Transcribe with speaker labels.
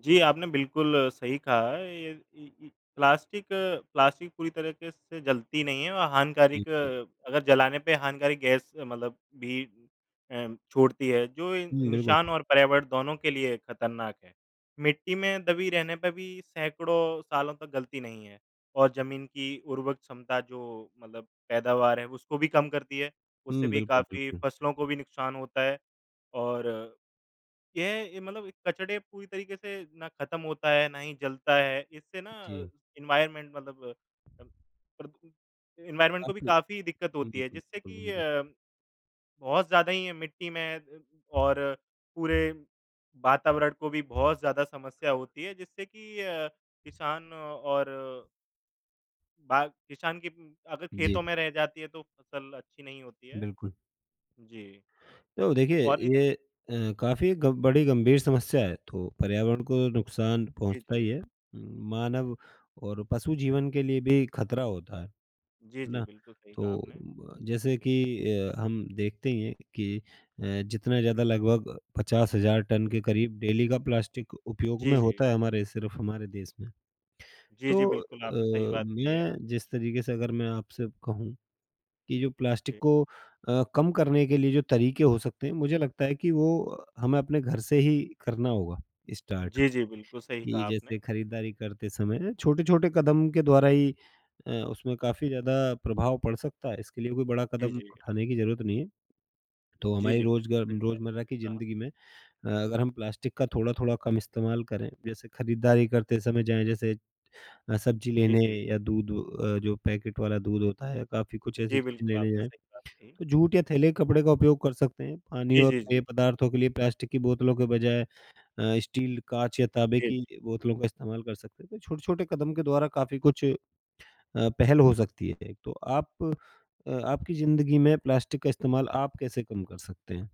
Speaker 1: जी, आपने बिल्कुल सही कहा है ये ई ई प्लास्टिक प्लास्टिक पूरी तरीके से से जलती नहीं है और
Speaker 2: जी,
Speaker 1: हानिकारक
Speaker 2: जी।
Speaker 1: अगर जलाने पे हानिकारक गैस मतलब भी उम, छोड़ती है जो इं
Speaker 2: हुँ, बिल्कुल।
Speaker 1: इंसान और पर्यावरण दोनों के लिए खतरनाक है। मिट्टी में दबी रहने पे भी सैकड़ों सालों तक गलती नहीं है और जमीन की उर्वरक क्षमता जो मतलब पैदावार है उसको भी कम करती है। उससे
Speaker 2: हुँ,
Speaker 1: भी
Speaker 2: बिल्कुल,
Speaker 1: काफ़ी
Speaker 2: बिल्कुल।
Speaker 1: फसलों को भी नुकसान होता है और ये अ, मतलब कचरे पूरी तरीके से ना खत्म होता है, ना ही जलता है, इससे ना अ,
Speaker 2: जी।
Speaker 1: एनवायरमेंट मतलब अ, प्रद एनवायरमेंट को
Speaker 2: अब
Speaker 1: भी
Speaker 2: भी
Speaker 1: काफ़ी दिक्कत
Speaker 2: हुँ,
Speaker 1: होती
Speaker 2: हुँ,
Speaker 1: है
Speaker 2: हुँ।
Speaker 1: जिससे
Speaker 2: बिल्कुल,
Speaker 1: कि
Speaker 2: बिल्कुल।
Speaker 1: अ, बहुत ज़्यादा ही है मिट्टी में अ, और पूरे वातावरण को भी बहुत ज़्यादा समस्या होती हैं जिससे कि अ, किसान और बाग किसान के उ अगर
Speaker 2: जी।
Speaker 1: खेतों में रह जाती है तो फसल अच्छी नहीं होती है।
Speaker 2: बिल्कुल।
Speaker 1: जी,
Speaker 2: तो देखिए,
Speaker 1: और ये
Speaker 2: ये अ, काफ़ी ग बड़ी गंभीर समस्या है तो पर्यावरण को नुकसान
Speaker 1: जी,
Speaker 2: पहुँचता ही
Speaker 1: जी।
Speaker 2: है। उम, मानव और पशु जीवन के लिए भी खतरा होता है, है
Speaker 1: जी, जी।
Speaker 2: ना?
Speaker 1: बिल्कुल, सही कहा
Speaker 2: तो
Speaker 1: आपने।
Speaker 2: अ, जैसे कि अ, हम देखते हैं कि अ, जितना ज़्यादा लगभग 50,000 टन के करीब डेली का प्लास्टिक उपयोग
Speaker 1: जी,
Speaker 2: में
Speaker 1: जी।
Speaker 2: होता
Speaker 1: अ
Speaker 2: है हमारे सिर्फ़ हमारे देश में।
Speaker 1: जी,
Speaker 2: तो
Speaker 1: जी। बिल्कुल, आपने सही
Speaker 2: अ,
Speaker 1: बात कही है।
Speaker 2: मैं जिस तरीके से अगर मैं आपसे कहूँ कि जो प्लास्टिक
Speaker 1: जी।
Speaker 2: को अ, कम करने के लिए जो तरीके हो सकते हैं, मुझे लगता है कि वो अ, हमें अपने घर से ही करना होगा स्टार्ट
Speaker 1: जी, जी। बिल्कुल, सही
Speaker 2: कि
Speaker 1: कहा आपने।
Speaker 2: जैसे खरीदारी करते समय छोटे-छोटे कदम के द्वारा ही अ, उसमें काफ़ी ज़्यादा प्रभाव पड़ सकता है इसके लिए कोई बड़ा
Speaker 1: जी,
Speaker 2: कदम
Speaker 1: जी।
Speaker 2: उठाने की जरूरत नहीं है। तो
Speaker 1: जी,
Speaker 2: हमारी
Speaker 1: जी,
Speaker 2: रोज
Speaker 1: बिल्कुल,
Speaker 2: ग
Speaker 1: सही कहा
Speaker 2: रोजमर्रा की
Speaker 1: कहा।
Speaker 2: जिंदगी में अ, अगर हम प्लास्टिक का थोड़ा-थोड़ा कम इस्तेमाल करें, जैसे खरीदारी करते समय जाएँ, जैसे अ, सब्जी
Speaker 1: जी,
Speaker 2: लेने
Speaker 1: जी।
Speaker 2: या दूध अ, जो पैकेट वाला दूध होता है, काफ़ी कुछ ऐसी
Speaker 1: जी,
Speaker 2: चीज़ें
Speaker 1: बिल्कुल,
Speaker 2: लेने
Speaker 1: आपने
Speaker 2: जाएँ,
Speaker 1: सही बात कही।
Speaker 2: तो जूट या थैले कपड़े का उपयोग कर सकते हैं। पानी
Speaker 1: जी,
Speaker 2: और
Speaker 1: जी,
Speaker 2: पेय
Speaker 1: जी।
Speaker 2: पदार्थों के लिए प्लास्टिक की बोतलों के बजाय अ, स्टील, काँच या ताँबे
Speaker 1: जी।
Speaker 2: की बोतलों का इस्तेमाल कर सकते हैं तो छोटे-छोटे कदम के द्वारा काफ़ी कुछ अ, पहल हो सकती है, 1-2 आप अ, आपकी जिंदगी में प्लास्टिक का इस्तेमाल आप कैसे कम कर सकते हैं?